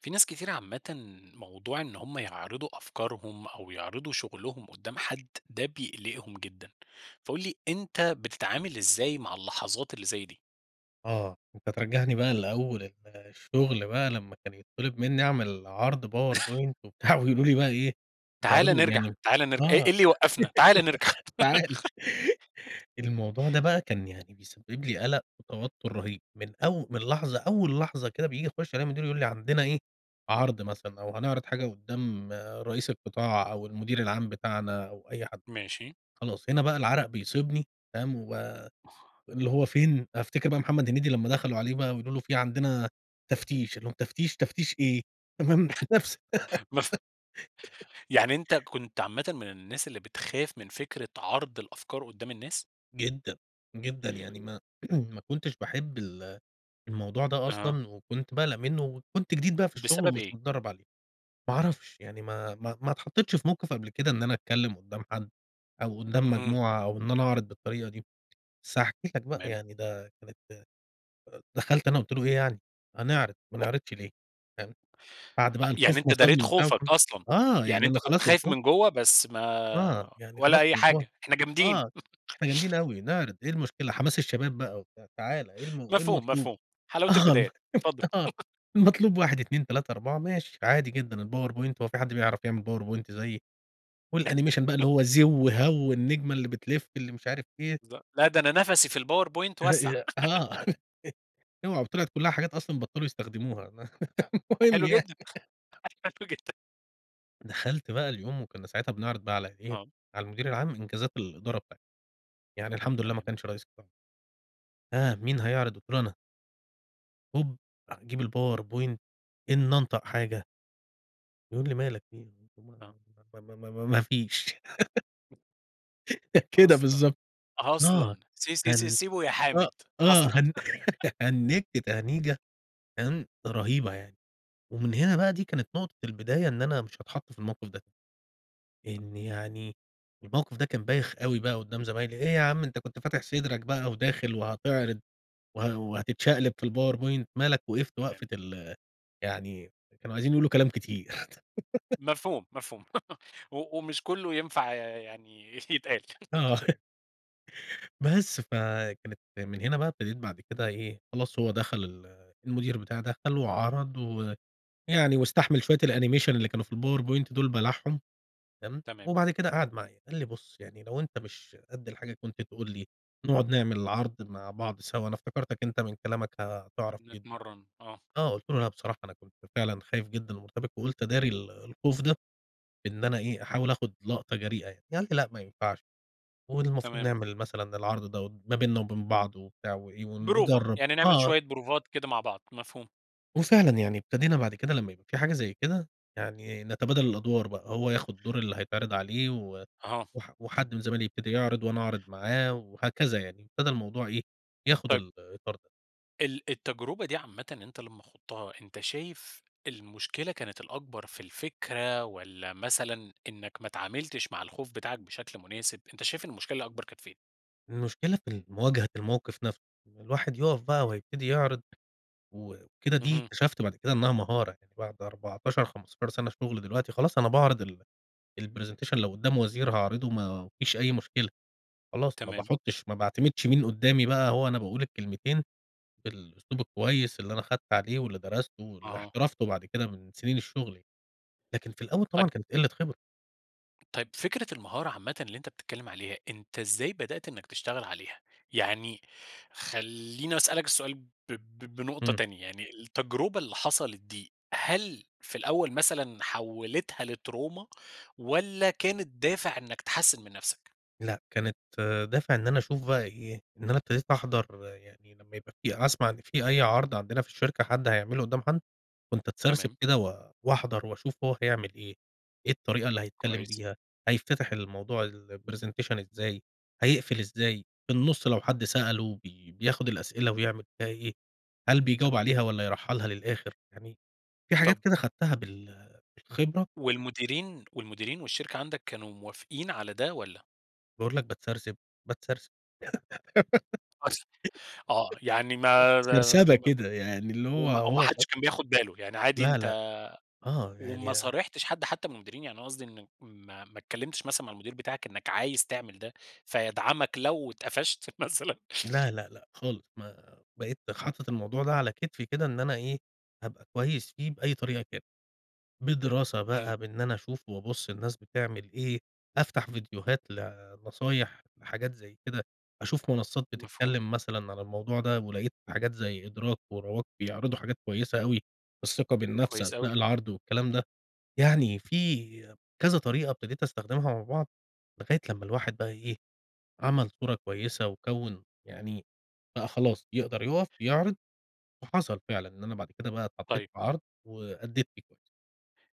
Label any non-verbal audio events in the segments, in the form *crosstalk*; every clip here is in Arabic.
في ناس كتيرة عامةً، موضوع إن هم يعرضوا أفكارهم أو يعرضوا شغلهم قدّام حد، ده بيقلقهم جدًا. فقل لي، أنت بتتعامل إزاي مع اللحظات اللي زي دي؟ آه، أنت ترجعني بقى لأول الشغل بقى، لما كان يتطلب مني أعمل عرض *chuckles* PowerPoint وبتاع، ويقولوا لي بقى إيه؟ تعالَ "بتعرضوا" نرجع يعني تعالَ نرجع امم إيه إيه آه. اللي يوقفنا؟ تعالَ نرجع. *giggles* تعالَ. *giggles* الموضوع ده بقى كان يعني بيسبب لي قلق وتوتر رهيب من أو من لحظة أول لحظة كده بييجي يخش علي المدير يقول لي: "عندنا إيه، عرض مثلًا"، أو "هنعرض حاجة قدام رئيس القطاع"، أو المدير العام بتاعنا، أو أي حد. ماشي. خلاص، هنا بقى العرق بيصيبني فاهم؟ واللي هو فين، أفتكر بقى محمد هنيدي لما دخلوا عليه بقى ويقول له: "في عندنا تفتيش"، قال لهم: "تفتيش؟ تفتيش إيه؟" تمام؟ نفس *chuckles* مف يعني انت *giggles* كنت عامةً من الناس اللي بتخاف من فكرة عرض الأفكار قدّام الناس؟ جدًا، جدًا، يعني ما *clears throat* ما كنتش باحب ال الموضوع ده أها. أصلًا، وكنت باقلق منه، وكنت جديد بقى في الشغل بسبب ومش إيه؟ متدرب عليه. ما اعرفش يعني، ما ما ما اتحطيتش في موقف قبل كده إن أنا أتكلم قدّام حد، أو قدّام اهم. مجموعة، أو إن أنا أعرض بالطريقة دي. بس هاحكِ لك بقى، تمام. يعني ده كانت دخلت أنا قلت له إيه؟ يعني: "هنعرض، ما نعرضش *unintelligible* ليه؟" فاهم؟ بعد آه، بقى يعني الخوف أنت ما داريت صابني، وبتاع خوفك فاهم؟ أصلًا، آه يعني يعني أنت أنا كنت خلاص، خايف الخوف من جوا، بس ما آه، يعني خلاص ولا أي من جوه حاجة، إحنا جامدين. آه إحنا جامدين *laughs* أوي، نعرض إيه المشكلة؟ حماس الشباب بقى وبتاع. تعالَ، إيه الم إيه مفهوم، المطلوب؟ مفهوم، حلاوة آه والله البدايات، اتفضل. *chuckles* آه، *chuckles* المطلوب 1 2 3 4 ماشي، عادي جدًا. الPowerPoint، وهو في حد بيعرف يعمل PowerPoint زيي؟ و الanimation بقى، اللي *chuckles* هو زو، هَو النجمة اللي بتلف، اللي مش عارف إيه. لأ لأ، ده أنا نفسي في الPowerPoint وسّع. هي آه، *laughs* *laughs* اوعى وطلعت كلها حاجات أصلًا بطلوا يستخدموها *laughs* المهم حلو يعني. جدًا حلو جدًا. دخلت بقى اليوم وكنا ساعتها بنِعرِض بقى على إيه، آه. على المدير العام إنجازات الإدارة بتاعتنا، يعني الحمد لله ما تمام. كانش رئيس قطاع. ها، مين هيعرض؟ قُلت له: "أنا." هوب أجيب الpowerpoint إني أنطق حاجة يقول لي: "مالك في إيه؟"، ما آه. ما ما ما ما فيش. *laughs* *laughs* كده أصلًا، بالضبط، آه أصلًا! سي سي سي هن سيبه يا آه، حامد، آه أصلًا! هن *laughs* *laughs* هنجت تهنيجة تمام، رهيبة يعني، ومن هنا بقى دي كانت نقطة البداية إن أنا مش هاتحط في الموقف ده إن يعني الموقف ده كان بايخ أوي بقى قُدّام زمايلي، إيه يا عم أنت كنت فاتح صدرك بقى وداخل وهتعرض، وه وهتتشقلِب في الpowerpoint مالك وقِفْت وقفة تمام. ال يعني كانوا عايزين يقولوا كلام كتير. *laughs* مفهوم، مفهوم *laughs* و ومش كلّه ينفع ي يعني يتقال. آه. *laughs* *laughs* بس فكانت من هنا بقى ابتديت بعد كده إيه خلاص هو دخل ال المدير بتاعي دخل وعرض و يعني واستحمل شوية الanimation اللي كانوا في الpowerpoint دول بلعهم تمام؟ تمام. وبعد كده قعد معايا، قال لي بُصّ يعني لو أنت مش قدّ الحاجة كنت تقول لي نقعد نعمل العرض مع بعض سوا، أنا افتكرتك أنت من كلامك هتعرف في نتمرّن، آه. آه قلت له: "لأ بصراحة أنا كنت فعلًا خايف جدًا ومرتبك وقولت أداري ال الخوف ده إن أنا إيه أحاول آخد لقطة جريئة يعني،" فقال لي: "لأ ما ينفعش والمفروض تمام. نعمل مثلًا العرض ده ما بيننا وبين بعض وبتاع وإيه بروفة، ونجرب." يعني نعمل آه. شوية بروفات كده مع بعض، مفهوم. وفعلًا يعني ابتدينا بعد كده لما يبقى في حاجة زي كده، يعني نتبادل الأدوار بقى، هو ياخد دور اللي هيتعرِض عليه و أها. وح وحد من زمايلي يبتدي يعرض، وأنا أعرض معاه، وهكذا يعني، ابتدى الموضوع إيه، ياخد طيب الإطار ده. ال التجربة دي عامةً أنت لمّا خُضتها أنت شايف المشكلة كانت الأكبر في الفكرة، والَّا مثلًا إنك ما اتعاملتش مع الخوف بتاعك بشكل مناسب، أنت شايف المشكلة الأكبر كانت فين؟ المشكلة في المواجهة الموقف نفسه، إن الواحد يقف بقى وهيبتدي يعرض وكده دي، اهم. اكتشفت بعد كده إنها مهارة يعني بعد 14، 15 سنة شغل، دلوقتي خلاص أنا باعرض ال الPresentation لو قُدّام وزير هاعرضه ما فيش أي مشكلة، خلاص ما تمام. باحطّش ما باعتمدش مين قدّامي بقى هو أنا باقول الكلمتين، بالأسلوب الكويس اللي أنا خدت عليه، واللي درسته واللي آه. احترفته بعد كده من سنين الشغل يعني، لكن في الأول طيب طبعًا كانت قلّة خبرة. طيب فكرة المهارة عامةً اللي أنت بتتكلّم عليها، أنت إزاي بدأت إنك تشتغل عليها؟ يعني خليني أسألك السؤال ب ب بنقطة امم. تانية، يعني التجربة اللي حصلت دي، هل في الأول مثلًا حوِّلِتها لتروما والَّا كانت دافع إنك تحسّن من نفسك؟ لأ، كانت دافع إن أنا أشوف بقى إيه، إن أنا ابتديت أحضر يعني لمّا يبقى في أسمع إن في أي عرض عندنا في الشركة حد هيعملُه قُدّام حد، كنت أتسرسب تمام. كده و واحضر وأشوف هو حيعمل إيه، إيه الطريقة اللي هيتكلم كويس. بيها، هيتفتح الموضوع الPresentation إزاي، هيقفل إزاي؟ في النُصّ لو حد سأله بي بياخد الأسئلة ويعمل بيها إيه، هل بيجاوب تمام. عليها والَّا يرحّلها للآخر؟ يعني في حاجات طب كده خدتها بال بالخبرة. والمديرين، والمديرين والشركة عندك، كانوا موافقين على ده والَّا؟ باقول لك باتسرسب، باتسرسب أصلًا، آه يعني ما *giggles* سرسبة كده يعني اللي هو، وما وما هو حدش كان بياخد باله، يعني عادي لا، لأ، أنت آه، وما يعني صارحتش حد حتى من المديرين، يعني أنا قصدي إنك ما ما اتكلّمتش مثلًا مع المدير بتاعك إنك عايز تعمل ده، فيدعمك لو اتقفشت مثلًا؟ لا، لأ، لأ خالص ما بقيت حاطط الموضوع ده على كتفي كده إن أنا إيه، هابقى كويس فيه بأي طريقة كانت، بدراسة امم. بقى بإني أنا أشوف وأبُصّ الناس بتعمل إيه، أفتح فيديوهات لنصايح لحاجات زي كده، أشوف منصّات مفهوم. بتتكلّم مثلًا عن الموضوع ده، ولقيت حاجات زي إدراك ورواق بيعرضوا حاجات كويسة أوي، الثقة بالنفس كويس أثناء أوي. العرض والكلام ده، يعني في كذا طريقة ابتديت أستخدمها مع بعض، لغاية لما الواحد بقى إيه، عمَل صورة كويسة، وكوِّن يعني بقى خلاص يقدر يقف، يعرض، وحصل فعلًا، إن أنا بعد كده بقى اتحطيت طيب. في عرض وأدّيت فيه كويس.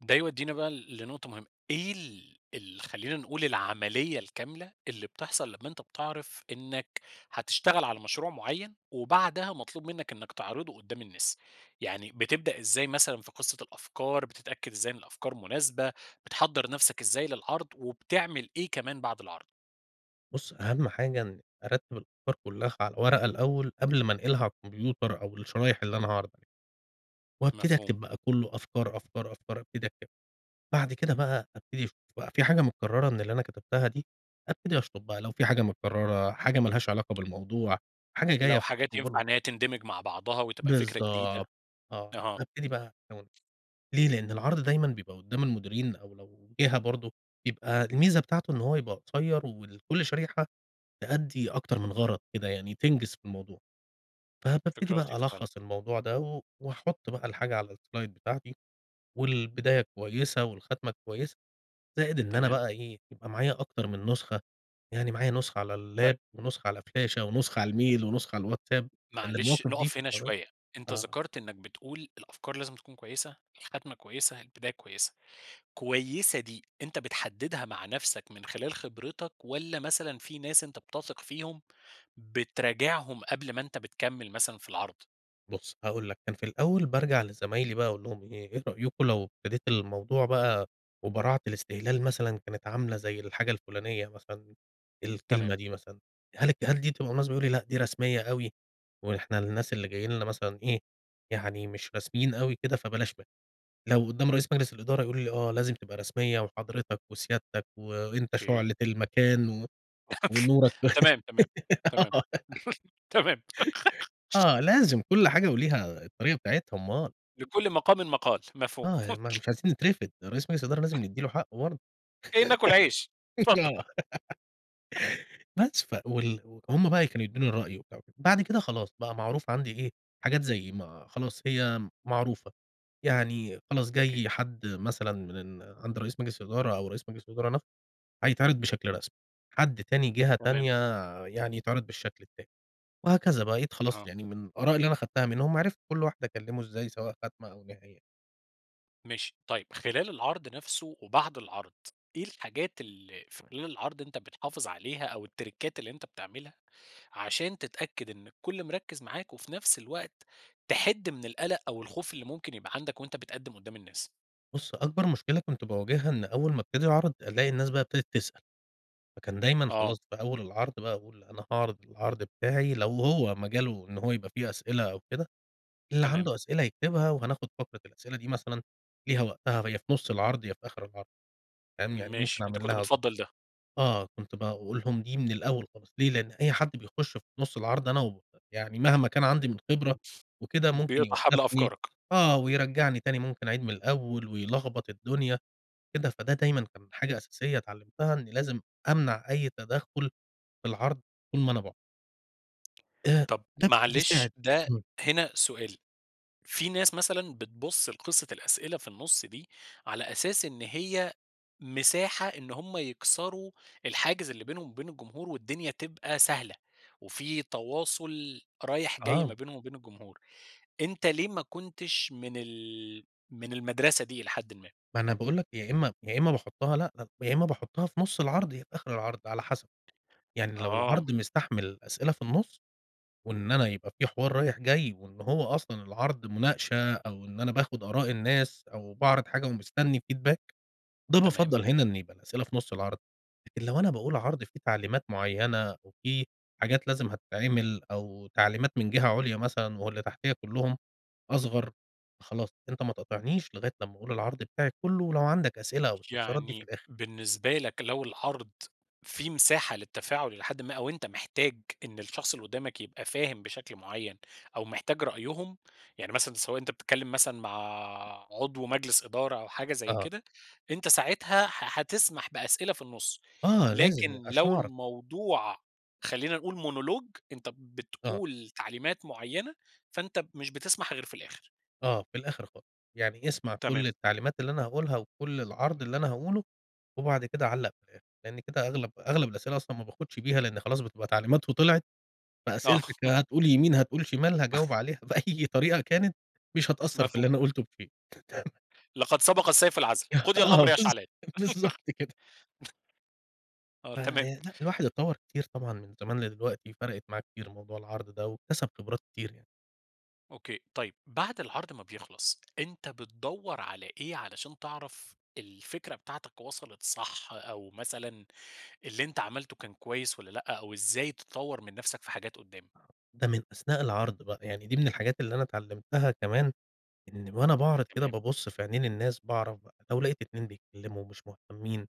ده يودينا بقى لنقطة مهمة، إيه ال ال خلينا نقول العملية الكاملة اللي بتحصل لما أنت بتعرف إنك هتشتغل على مشروع معيّن، وبعدها مطلوب منك إنك تعرضُه قُدّام الناس؟ يعني بتبدأ إزاي مثلًا في قصّة الأفكار، بتتأكد إزاي ان الأفكار مناسبة، بتحضّر نفسك إزاي للعرض، وبتعمل إيه كمان بعد العرض؟ بُصّ، أهم حاجة إني أرتّب الأفكار كلّها على ورقة الأول قبل ما أنقلها على الكمبيوتر أو الشرايح اللي أنا هاعرض عليها، وابتدي مفهوم. أكتب بقى كلّه أفكار، أفكار، أفكار أبتدي أكتب، بعد كده بقى أبتدي أشوف بقى في حاجة مُكرّرة من اللي أنا كتبتها دي، أبتدي أشطب بقى لو في حاجة متكرّرة، حاجة مالهاش علاقة بالموضوع، حاجة جاية لو في حاجات ينفع *unintelligible* إن هي تندمج مع بعضها وتبقى فكرة جديدة، بالضبط، آه أها. أبتدي بقى *unintelligible* ليه لأن العرض دايمًا بيبقى قُدّام المديرين، أو لو جهة برضه، بيبقى الميزة بتاعته إن هو يبقى قصيّر وكل شريحة تأدّي أكتر من غرض كده، يعني تنجز في الموضوع، فبابتدي فكرة بقى لطيفة فعلًا. ألخّص الموضوع ده، و وأحط بقى الحاجة على الSlide بتاعتي، والبداية كويسة، والخاتمة كويسة، زائد إن أنا تمام. بقى إيه، يبقى معايا أكتر من نسخة، يعني معايا نسخة على طيب. اللاب ونسخة على فلاشة ونسخة على الميل ونسخة على الواتساب، لأن معلش المواقف دي نقف هنا *unintelligible* شوية، أنت آه. ذكرت إنك بتقول الأفكار لازم تكون كويسة، الخاتمة كويسة، البداية كويسة، كويسة دي أنت بتحدّدها مع نفسك من خلال خبرتك، والَّا مثلًا في ناس أنت بتثق فيهم بتراجعهم قبل ما أنت بتكمّل مثلًا في العرض. بُص هاقول لك كان في الأوّل بارجع لزمايلي بقى أقول لهم إيه، رأيكم لو ابتديت الموضوع بقى وبراعة الاستهلال مثلًا كانت عاملة زي الحاجة الفلانية مثلًا الكلمة تمام. دي مثلًا، هل الك هل دي تبقى مناسبة؟ يقولوا لي لأ، دي رسميّة أوي، وإحنا الناس اللي جايين لنا مثلًا إيه يعني مش رسميين أوي كده فبلاش منها. لو قدّام رئيس مجلس الإدارة يقولوا لي، آه لازم تبقى رسميّة وحضرتك وسيادتك وأنت أوكي. شعلة المكان *laughs* ونورك تمام تمام *giggles* تمام آه، *laughs* تمام.. *laughs* *laughs* آه لازم كل حاجة وليها الطريقة بتاعتها أومال. لكل مقام مقال. مفهوم.. آه يعني ما *laughs* مش عايزين نترفد، رئيس مجلس الإدارة لازم *chuckles* ندي له حقه برضو، جايين ناكل عيش اتفض *chuckles* آه. *giggles* *chuckles* بس ف وال همّ بقى كانوا يدوني رأي وبتاع وكده. بعد كده خلاص بقى معروف عندي إيه، حاجات زي ما خلاص هي معروفة يعني، خلاص أوكي. جاي حد مثلًا من عند رئيس مجلس الإدارة أو رئيس مجلس الإدارة نفسه هيتعرض بشكل رسمي، حد تاني جهة تمام. تانية يعني يتعرض بالشكل التاني، وهكذا بقيت خلاص آه. يعني من الآراء اللي أنا خدتها منهم عرفت كل واحد أكلمه إزاي سواء خاتمة أو نهاية. ماشي طيِّب خلال العرض نفسُه وبعد العرض، إيه الحاجات ال في خلال العرض أنت بتحافِظ عليها أو التّْرِيكات اللي أنت بتعملها، عشان تتأكِّد إن الكُلّ مركِّز معاك، وفي نفس الوقت تِحِدّ من القلق أو الخوف اللي ممكن يبقى عندك وأنت بتقدِّم قُدَّام النَّاس؟ بُصّ أكبر مشكلة كنت باواجهها إن أول ما ابتدي أعرِض ألاقي الناس بقي ابتدت بتسأل. فكان دايمًا آه. خلاص في أول العرض بقى أقول أنا هاعرض العرض بتاعي، لو هو مجالُه إن هو يبقى فيه أسئلة أو كده، اللي تمام. عنُده أسئلة يكتبها، وهناخد فترة الأسئلة دي مثلًا ليها وقتها يا في نُصّ العرض يا في آخر العرض فاهم؟ يعني ممكن ماشي، أنت كنت أعملها اضبط بتفضّل ده. آه، كنت باقول لهم دي من الأول خالص، ليه لإن أي حد بيخُش في نُصّ العرض أنا و يعني مهما كان عندي من خبرة وكده امم، ممكن بيقطع حبل يوقّفني أفكارك. آه، ويرجّعني تاني ممكن أعيد من الأول ويلخبّط الدنيا، كده فده دايمًا كان حاجة أساسية اتعلِّمتها إني لازم أمنع أي تدخُّل في العرض طول ما أنا باعرض. آآ طب تك معلش ده بيساعد، امم. هنا سؤال، في نَّاس مثلًا بتبُص لقصة الأسئلة في النُصّ دي، على أساس إن هي مساحة إن هُم يكسروا الحاجز اللي بينهم وبين الجمهور والدنيا تبقى سهلة، وفي تواصل رايح جاي ما آه. بينهم وبين الجمهور، أنت ليه ما كنتش من ال من المدرسة دي إلي حِدًّ ما. ما أنا باقول لك يا إما يا إما باحُطّها لأ، يا إما باحُطّها في نُصّ العرض يا في آخر العرض على حسب، يعني لو آه. العرض مستحمل أسئلة في النُصّ، وإن أنا يبقى في حوار رايح جاي، وإن هو أصلًا العرض مُناقشة، أو إن أنا باخُد آراء الناس أو باعرض حاجة ومستني feedback ده تمام. بافضّل هنا إن يبقى الأسئلة في نُصّ العرض، لكن لو أنا باقول عرض في تعليمات معيّنة، وفي حاجات لازم هتتعمل، أو تعليمات من جِهَة عُليا مثلًا، واللي تحتِيّا كُلُّهُم أصغر خلاص أنت ما تقاطعنيش لغاية لمّا أقول العرض بتاعي كُلُّه، ولو عندك أسئلة أو استفسارات دي في يعني الآخر. بالنسبة لك لو العرض في مساحة للتّفاعُل إلي حَدًّ ما، أو أنت محتاج إن الشخص اللي قُدّامك يبقى فاهم بشكل مُعيَّن أو محتاج رأيهم، يعني مثلًا سواء أنت بتتكلِّم مثلًا مع عضو مجلس إدارة أو حاجة زي آه. كده، أنت ساعتها ح حتسمح بأسئلة في النُصّ، آه، لازم يع لكن عشان لو أعرف. الموضوع خلّينا نقول Monologue أنت آه. بتقول تعليمات مُعيّنة، فأنت مش بتسمح غير في الآخر. آه، في الآخر خالص، يعني اسمع تمام. كلّ التعليمات اللي أنا هاقولها وكلّ العرض اللي أنا هاقوله، وبعد كده علّق في الأخر، لأن كده أغلب أغلب الأسئلة أصلًا ما باخدش بيها، لأن خلاص بتبقى تعليمات وطِلعت، آه. فأسئلتك *laughs* هتقول يمين هتقول شمال، هاجاوب *laughs* عليها *laughs* بأي طريقة كانت، مش هتأثّر في اللي مفهوم. أنا قُلته في شئ. *laughs* لقد سبق السيف العذل، *laughs* قُضي آه، الأمر يا بالض شعلان. بالضبط كده. *laughs* آه، ف تمام. لأ، الواحد اتطوّر كتير طبعًا من زمان لدلوقتي، فرَقِت معاه كتير موضوع العرض ده، واكتسب خبرات كتير يعني. أوكي، طيب بعد العرض ما بيخلص، أنت بتدوّر على إيه علشان تعرف الفكرة بتاعتك وصلت صح، أو مثلًا اللي أنت عملته كان كويس والَّا لأ، أو إزاي تطوّر من نفْسَك في حاجات قُدّام؟ ده من أثناء العرض بقى، يعني دي من الحاجات اللي أنا اتعلّمتها كمان، إن وأنا باعرِض كده تمام. بابُصّ في عينين الناس، باعرف بقى، لو لقيت 2 بيتكلموا ومش مهتمين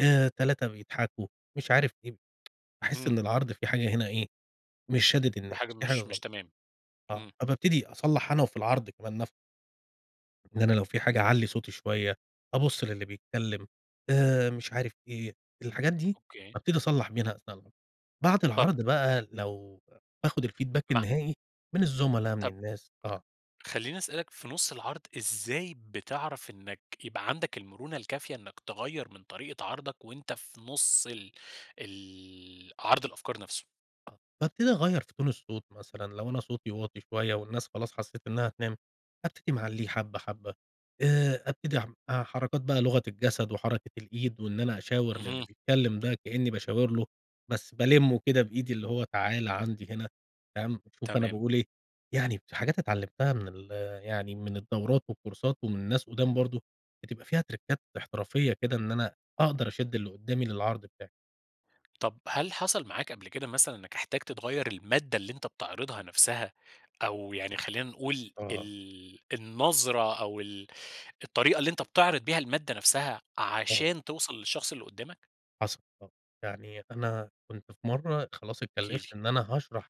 آآ، 3 بيضحكوا، مش عارف إيه، *tsk* باحس اهم. إن العرض في حاجة هنا إيه، مش شادد في الناس، حاجة في حاجة مش مش غلط، تمام، آه، إمم. فبابتدي أصلّح أنا وفي العرض كمان نفسه. ده أنا لو في حاجة أعلي صوتي شويّة، أبص للي بيتكلّم، آآ مش عارف إيه، الحاجات دي أوكي. بابتدي أصلح منها أثناء العرض. بعد طب العرض بقى لو باخد الfeedback مع النهائي من الزملا من طب الناس آه. خليني أسألك في نص العرض إزاي بتعرف إنك يبقى عندك المرونة الكافية إنك تغيّر من طريقة عرضك وأنت في نص ال ال عرض الأفكار نفسه؟ آه بابتدي اغير في تون الصوت مثلًا لو أنا صوتي واطي شويّة، والناس خلاص حسّيت إنّها هتنام ابتدي معليه حبّة حبّة، آآ ابتدي ح حركات بقى لغة الجسد وحركة الإيد وإن أنا أشاور للي اهم. بيتكلّم ده كأني باشاور له، بس بالمه كده بإيدي اللي هو تعالَ عندي هنا فاهم، شوف أنا تمام. باقول إيه، يعني حاجات اتعلمتها من ال يعني من الدورات والكورسات ومن ناس قُدام برضو بتبقى فيها تركات احترافية كده إن أنا أقدر أشد اللي قدّامي للعرض بتاعي. طب هل حصل معاك قبل كده مثلًا، إنك احتجت تغير المادة اللي أنت بتعرضها نفسها، أو يعني خلينا نقول آه. ال النظرة، أو ال الطريقة اللي أنت بتعرض بيها المادة نفسها، آه. عشان توصل للشخص اللي قدّامك؟ حصل آه. يعني أنا كنت في مرة خلاص احكِ اتكلفت لي. إن أنا هاشرح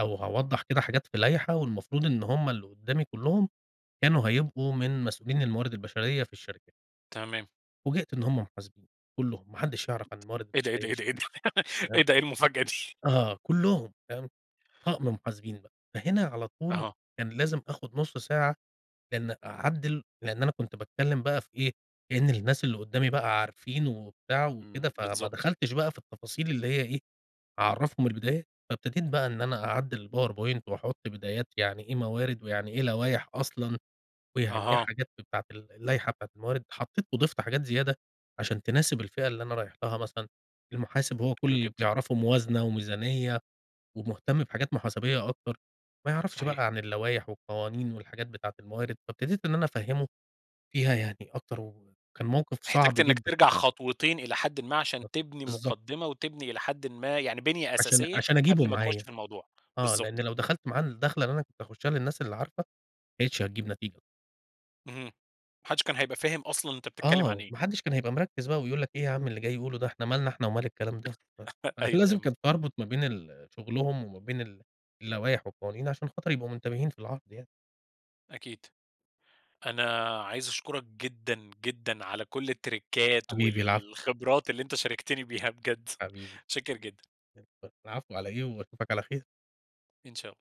أو هاوضح كده حاجات في لايحة والمفروض إن هُم اللي قدامي كلهم كانوا هيبقوا من مسؤولين الموارد البشرية في الشركة. تمام. فوجئت إن هم محاسبين كلهم، ما حدش يعرف عن الموارد إيه ده، إيه ده، البشرية إيه شئ ده، إيه تمام، ده، *laughs* إيه المفاجأة دي؟ آه، كلّهم تمام، طقم محاسبين بقى، فهنا على طول أها. كان لازم آخد نُصّ ساعة بأن أعدّل لأن أنا كنت باتكلّم بقى في إيه، كأنّ الناس اللي قُدّامي بقى عارفين وبتاع وكده، إمم، فما بالضبط. دخلتش بقى في التفاصيل اللي هي إيه، أعرّفهم البدايات، فابتديت بقى إن أنا أعدّل الpowerpoint وأحط بدايات يعني ايه موارد، ويعني إيه لوايح أصلًا، ويعني إيه أها. حاجات بتاعة ال اللايحة بتاعة الموارد، حطيت وضِفت حاجات زيادة، عشان تناسب الفئة اللي أنا رايح لها مثلًا، المحاسب هو كلّ حلو اللي جدًا. بيعرفه موازنة وميزانية ومهتّم بحاجات محاسبية أكتر، ما يعرفش صحيح. بقى عن اللوايح والقوانين والحاجات بتاعة الموارد، فابتديت إن أنا أفهّمه فيها يعني أكتر، وكان موقف صعب احتاجت إنك جدًا. ترجع خطوتين إلى حدٍ ما ب عشان تبني بالضبط. مقدّمة، وتبني إلى حدٍ ما يعني بِنية عشان أساسية، عشان أجيبه قبل ما تخش معايا، في الموضوع، آه بالضبط. لأن لو دخلت معاه الدخلة اللي أنا كنت هاخشّها للناس اللي عارفة، ما كانتش هتجيب نتيجة. اهم، ما حدش كان هيبقى فاهم أصلًا أنت بتتكلّم آه، عن و إيه. ماحدش كان هيبقى مركّز بقى ويقول لك إيه يا عم اللي جاي يقوله ده، إحنا مالنا إحنا ومال الكلام ده، *laughs* فكان أيوه، أيوه لازم مف كنت اربط ما بين ال شغلهم وما بين ال اللوايح والقوانين، عشان خاطر يبقوا منتبهين في العرض يعني. أكيد، أنا عايز أشكرك جدًا، جدًا على كل التريكات حبيبي، العفو. والخبرات اللي أنت شاركتني بيها بجد، حبيبي، متشكّر جدًا. *unintelligible* العفو على إيه، وأشوفك على خير. إن شاء الله.